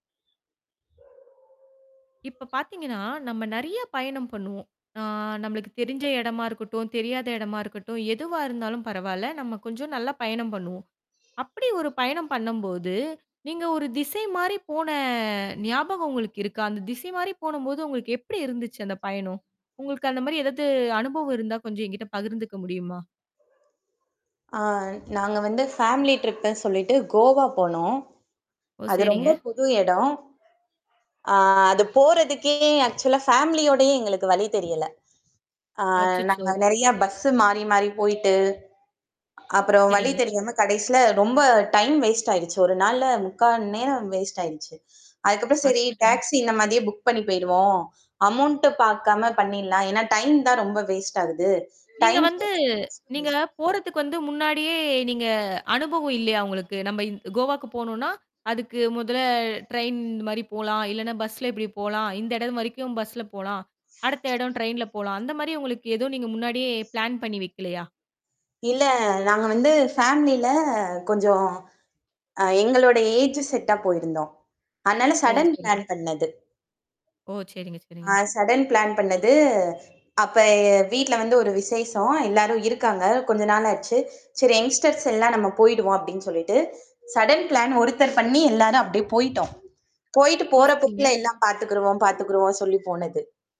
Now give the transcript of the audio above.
இப்ப பார்த்தீங்கன்னா, நம்ம நிறைய பயணம் பண்ணுவோம். அ, நம்மளுக்கு தெரிஞ்ச இடமா இருக்கட்டும், தெரியாத இடமா இருக்கட்டும், எதுவா இருந்தாலும் பரவால்ல, நம்ம கொஞ்சம், நல்லா பயணம் பண்ணுவோம். அப்படி ஒரு பயணம் பண்ணும்போது, நீங்க ஒரு திசை மாரி போன ஞாபகம் உங்களுக்கு இருக்கா? அந்த திசை மாரி போனம்போது உங்களுக்கு எப்படி இருந்துச்சு, அந்த பயணம்? உங்களுக்கு அந்த மாரி ஏதாவது அனுபவம் இருந்தா கொஞ்சம் எங்கிட்ட பகிர்ந்துக்க முடியுமா? அ, நாங்க வந்து ஃபேமிலி ட்ரிப்புன்னு சொல்லிட்டு கோவா போனோம். ஓ! அது ரொம்ப சரிங்க. புது இடம். அ அது போறதுக்கே ஆக்சுவலா ஃபேமிலியோடயே எங்களுக்கு வழி தெரியல. அ அச்சச்சோ! நாங்க நிறையா பஸ்ஸு மாறி மாறி போயிட்டு, அப்புறம் வழி சரிங்க தெரியாம, கடைசில, ரொம்ப டைம் வேஸ்ட் ஆயிடுச்சு. ஒரு நாள்ல 3/4 நேரம் வேஸ்ட் ஆயிடுச்சு. அதுக்கப்புறம் சரி, அச்சச்சோ! டாக்ஸி இந்த மாதிரியே புக் பண்ணி போயிடுவோம். அமௌண்ட்டு பார்க்காம பண்ணிடலாம். ஏன்னா டைம் தான் ரொம்ப வேஸ்ட் ஆகுது. நீங்க டைம் வந்து ப்ளஸ் காஸ்ட் நீங்க வேஸ்ட். போறதுக்கு வந்து முன்னாடியே நீங்க அனுபவம் இல்லையா உங்களுக்கு? நம்ம இந் கோவாக்கு போணும்னா, அதுக்கு முதல்ல ட்ரெயின் மாரி போலாம் இல்ல, பஸ்ஸில இப்படி போலாம். இந்த இடம் வரைக்கும் பஸ்ல போலாம். அடுத்த இடம் ட்ரெயின்ல போலாம் அந்த மாரி உங்களுக்கு, எதுவும் நீங்க முன்னாடியே பிளான் பண்ணி வைக்கலையா? இல்ல. நாங்க வந்து ஃபேமிலில கொஞ்சம் அ எங்களுடைய ஏஜ் செட்டா போயிருந்தோம். அதனால, ஓ! சடன் சரி. பிளான் பண்ணது. ஓ! சரிங்க, சரிங்க. அ சடன் பிளான் பண்ணது. அப்போ வீட்டில் வந்து ஒரு விசேஷம், எல்லாரும் இருக்காங்க. கொஞ்ச நாள் ஆச்சு. சரி யங்ஸ்டர்ஸ் எல்லாம் நம்ம போய்டுவோம் அப்படின்னு சொல்லிட்டு, சடன் பிளான் ஒருத்தர் பண்ணி எல்லாரும் அப்படியே போய்ட்டோம். போய்ட்டு ஓ! போற சரிங்க. போக்கில எல்லாம் பாத்துக்கிருவோம், பார்த்திருக்கிருவோம்னு சொல்லி போனது.